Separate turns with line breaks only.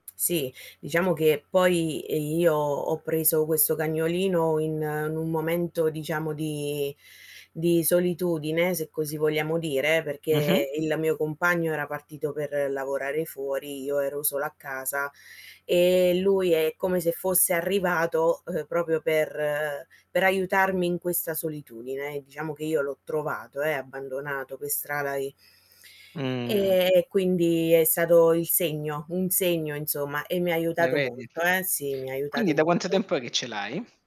Sì, diciamo che poi, ehm, io ho preso questo cagnolino in in un momento diciamo di di solitudine, se così vogliamo dire,
Mh-mh.
perché il mio compagno era partito per lavorare fuori, io ero sola a casa, ehm, lui è come se fosse arrivato, ehm, proprio, per per aiutarmi in questa solitudine. Diciamo che io l'ho trovato, eh, abbandonato per strada e
Mh.
Ehm, e quindi è stato il segno un segno insomma e mi ha
Eh
aiutato
vedi?
molto, eh, sì mi ha
Quindi
aiutato
da quanto
molto.
tempo è che ce l'hai?